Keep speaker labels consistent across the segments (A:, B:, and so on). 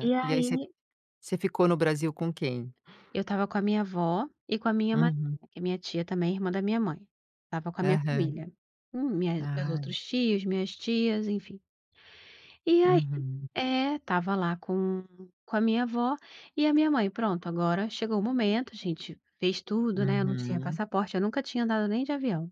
A: E
B: e aí você f
A: aí
B: você ficou no Brasil com quem?
A: eu estava com a minha avó e com a minha
B: Uhum.
A: madrinha, que é minha tia também, irmã da minha mãe, estava com a minha
B: Aham.
A: família, hum, minhas minhas meus
B: Ah.
A: outros tios, minhas tias, enfim. E aí
B: Uhum.
A: É, estava lá com com a minha avó e a minha mãe, pronto, agora chegou o momento, a gente fez tudo, né, eu não tinha
B: Uhum.
A: passaporte, eu nunca tinha andado nem de avião.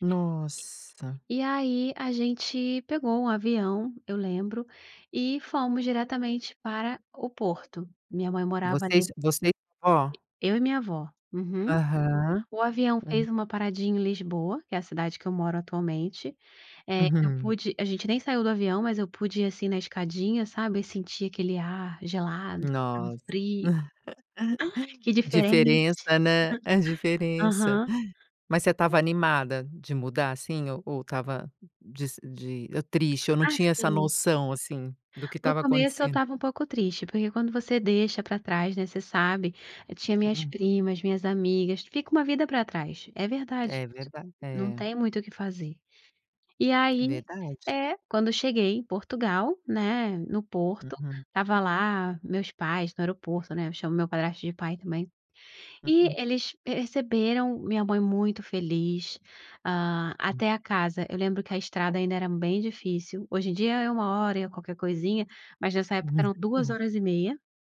B: Nossa.
A: E e e aí a gente pegou um avião, eu lembro, e fomos diretamente para o Porto. Minha mãe morava
B: Você e
A: ali
B: su você e sua vó?
A: Eu e minha avó, uhum.
B: Aham,
A: O avião
B: hã.
A: fez uma paradinha em Lisboa, que é a cidade que eu moro atualmente, eh, eu
B: Uhum.
A: pude a gente nem saiu do avião, mas eu pude ir assim na escadinha, sabe, e sentir aquele ar gelado, hum,
B: Nossa,
A: frio. Que
B: a
A: diferente.
B: diferença, né, a diferença.
A: Aham.
B: Mas você
A: E
B: estava animada de mudar, assim, ou ou estava de se de, hã, triste, ou não tinha essa
A: Assim
B: noção, assim, do que
A: no
B: estava
A: começo eu
B: acontecendo?
A: estava um pouco triste, porque quando você deixa pra trás, né, você sabe, eu tinha minhas
B: Hum.
A: primas, minhas amigas, fica uma vida pra trás, é verdade
B: É
A: isso,
B: verda
A: não
B: é.
A: tem muito o que fazer. E
B: É
A: aí
B: verdade.
A: É, quando cheguei em Portugal, né, no Porto,
B: Uhum.
A: estava lá meus pais no aeroporto, né, eu chamo meu padrasto de pai também, e
B: Uhum.
A: eles perceberam minha mãe muito feliz hã,
B: Hum.
A: até a casa, eu lembro que a estrada ainda era bem difícil, hoje em dia é 1 hora e é qualquer coisinha, mas nessa época
B: Pois
A: eram 2
B: é.
A: horas e meia